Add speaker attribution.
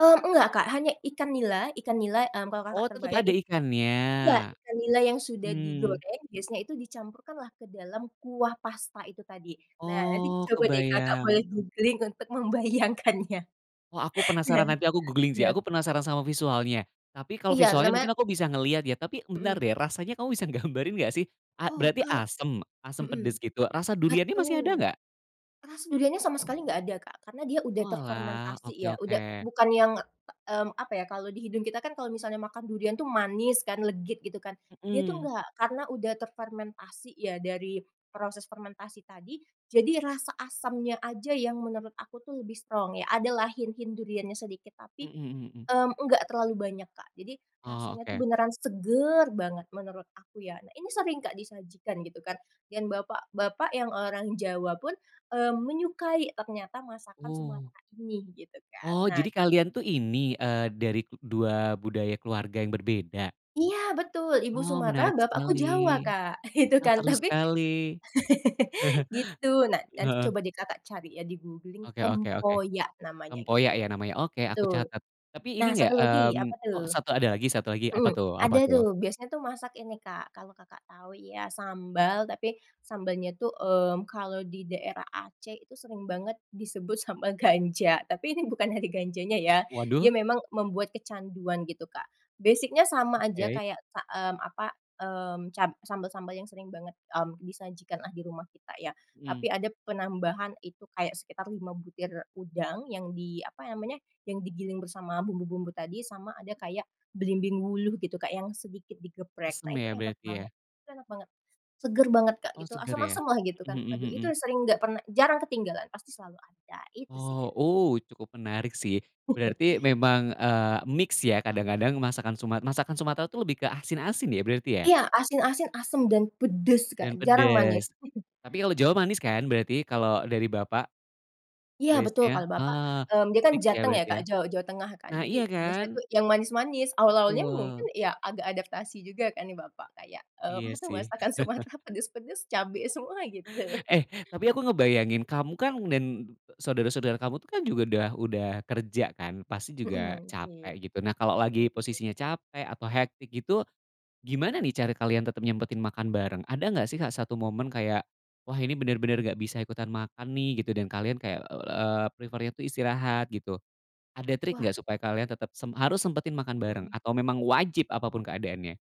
Speaker 1: Mmm, enggak Kak hanya ikan nila Ikan nila, hmm, kalau Kakak
Speaker 2: Oh, tetep
Speaker 1: terbayang
Speaker 2: ada
Speaker 1: it
Speaker 2: ikannya?
Speaker 1: iya, ikan nila yang sudah
Speaker 2: Mhm.
Speaker 1: digoreng biasanya itu dicampurkan lah ke dalam kuah pasta itu tadi. Nah nanti
Speaker 2: Oh,
Speaker 1: coba deh Kakak boleh
Speaker 2: kebayang.
Speaker 1: googling untuk membayangkannya.
Speaker 2: Oh aku
Speaker 1: Iya,
Speaker 2: penasaran, nanti aku googling sih.
Speaker 1: siap.
Speaker 2: Aku penasaran sama visualnya, tapi kalau
Speaker 1: Iya
Speaker 2: visualnya
Speaker 1: namanya
Speaker 2: mungkin aku bisa ngeliat ya. Tapi bentar
Speaker 1: Mhm.
Speaker 2: deh, rasanya kamu bisa gambarin nggak sih? A
Speaker 1: Oh
Speaker 2: berarti
Speaker 1: kal
Speaker 2: asem? Asem
Speaker 1: mhm,
Speaker 2: pedes gitu? Rasa duriannya masih ada
Speaker 1: betul.
Speaker 2: nggak?
Speaker 1: Rasa duriannya sama sekali nggak ada Kak, karena dia udah
Speaker 2: Oalah,
Speaker 1: terfermentasi
Speaker 2: oke
Speaker 1: ya. Udah
Speaker 2: oke.
Speaker 1: bukan yang, mmm, apa ya, kalau di hidung kita kan kalau misalnya makan durian tuh manis kan legit gitu kan, dia tuh
Speaker 2: Mhm.
Speaker 1: nggak. Karena udah terfermentasi ya dari proses fermentasi tadi, jadi rasa asamnya aja yang menurut aku tuh lebih strong ya. Ada lah hint-hint duriannya sedikit, tapi,
Speaker 2: Mhm mhm.
Speaker 1: mmm, enggak terlalu banyak, Kak. Jadi
Speaker 2: Oh,
Speaker 1: rasanya tuh
Speaker 2: oke.
Speaker 1: beneran seger banget menurut aku ya. Nah, ini sering nggak disajikan gitu kan, yang bapak-bapak yang orang Jawa pun, eee, menyukai ternyata masakan
Speaker 2: Wuh.
Speaker 1: Sumatera ini, begitu kan.
Speaker 2: Oh,
Speaker 1: Nah
Speaker 2: jadi kalian tuh ini, eee, dari 2 budaya keluarga yang berbeda?
Speaker 1: Iya betul, ibu
Speaker 2: Oh, menarik
Speaker 1: Sumatra, bapakku
Speaker 2: sekali.
Speaker 1: Jawa Kak, gitu
Speaker 2: Ah,
Speaker 1: kan,
Speaker 2: seru
Speaker 1: tapi
Speaker 2: sekali.
Speaker 1: gitu, nah nanti
Speaker 2: Heeh.
Speaker 1: coba deh Kakak cari ya di googling,
Speaker 2: Oke oke oke,
Speaker 1: tempoyak namanya
Speaker 2: tempoyak
Speaker 1: gitu.
Speaker 2: ya namanya. Oke aku
Speaker 1: Betul,
Speaker 2: catat, tapi ini
Speaker 1: nah
Speaker 2: nggak,
Speaker 1: satu lagi
Speaker 2: mmm
Speaker 1: apa tuh?
Speaker 2: oh 1 ada lagi, 1 lagi apa
Speaker 1: Mhm,
Speaker 2: tuh apa
Speaker 1: ada
Speaker 2: tuh?
Speaker 1: tuh biasanya tuh masak ini Kak, kalau Kakak tahu ya sambal, tapi sambalnya tuh, mmm, kalau di daerah Aceh itu sering banget disebut sambel ganja. Tapi ini bukan dari ganjanya ya, dia
Speaker 2: Waduh.
Speaker 1: memang membuat kecanduan gitu, Kak. Basic-nya sama aja
Speaker 2: Oke.
Speaker 1: kayak sa mmm, apa, mmm, cab sambel-sambel yang sering banget, mmm, disajikan lah di rumah kita ya.
Speaker 2: Mhm.
Speaker 1: Tapi ada penambahan itu kayak sekitar 5 butir udang yang di, apa namanya, yang digiling bersama bumbu-bumbu tadi, sama ada kayak belimbing wuluh gitu Kak yang sedikit digeprek.
Speaker 2: Asem
Speaker 1: Nah itu
Speaker 2: ya
Speaker 1: enak
Speaker 2: berarti ya?
Speaker 1: banget itu enak banget, seger banget Kak
Speaker 2: Oh,
Speaker 1: gitu,
Speaker 2: segar ya.
Speaker 1: asem-asem lah gitu kan.
Speaker 2: Mhm mhm
Speaker 1: Aduh itu
Speaker 2: mhm.
Speaker 1: yang sering nggak pernah jarang ketinggalan, pasti selalu ada itu sih, Kak.
Speaker 2: Oh, uh, cukup menarik sih. Berarti memang, eee, mix ya, kadang-kadang masakan sumat masakan Sumatra tuh lebih ke asin-asin ya berarti ya?
Speaker 1: Iya, asin-asin, asem, dan pedes Kak,
Speaker 2: Dan
Speaker 1: jarang manis.
Speaker 2: pedes, tapi kalau Jawa manis kan berarti kalau dari Bapak?
Speaker 1: Iya betul,
Speaker 2: Base-nya,
Speaker 1: kalau bapak,
Speaker 2: eee,
Speaker 1: mmm, dia kan
Speaker 2: fiks ya
Speaker 1: Jateng ya
Speaker 2: berarti
Speaker 1: Kak,
Speaker 2: ya.
Speaker 1: Jaw Jawa Tengah kan,
Speaker 2: Nah,
Speaker 1: jadi
Speaker 2: iya
Speaker 1: biasanya
Speaker 2: kan?
Speaker 1: tuh yang manis-manis. Awal-awalnya mungkin
Speaker 2: Betul.
Speaker 1: ya agak adaptasi juga kan nih bapak kayak, mmm,
Speaker 2: Iya
Speaker 1: nggak tahu
Speaker 2: sih.
Speaker 1: masakan Sumatra pedes-pedes, cabe semua gitu.
Speaker 2: Eh, tapi aku ngebayangin, kamu kan dan saudara-saudara kamu tuh kan juga udah udah kerja kan, pasti juga
Speaker 1: Mhm, oke.
Speaker 2: capek gitu. Nah kalau
Speaker 1: Betul
Speaker 2: lagi
Speaker 1: betul.
Speaker 2: posisinya capek atau hektik gitu, gimana nih cara kalian tetep nyempetin makan bareng? Ada nggak sih Kak 1 momen kayak, “Wah ini bener bener nggak bisa ikutan makan nih,” gitu dan kalian kayak, eee, prefer-nya itu istirahat gitu. Ada trik
Speaker 1: Wah.
Speaker 2: nggak supaya kalian tetep sem harus sempetin makan bareng
Speaker 1: Mhm.
Speaker 2: atau memang wajib apa pun keadaannya?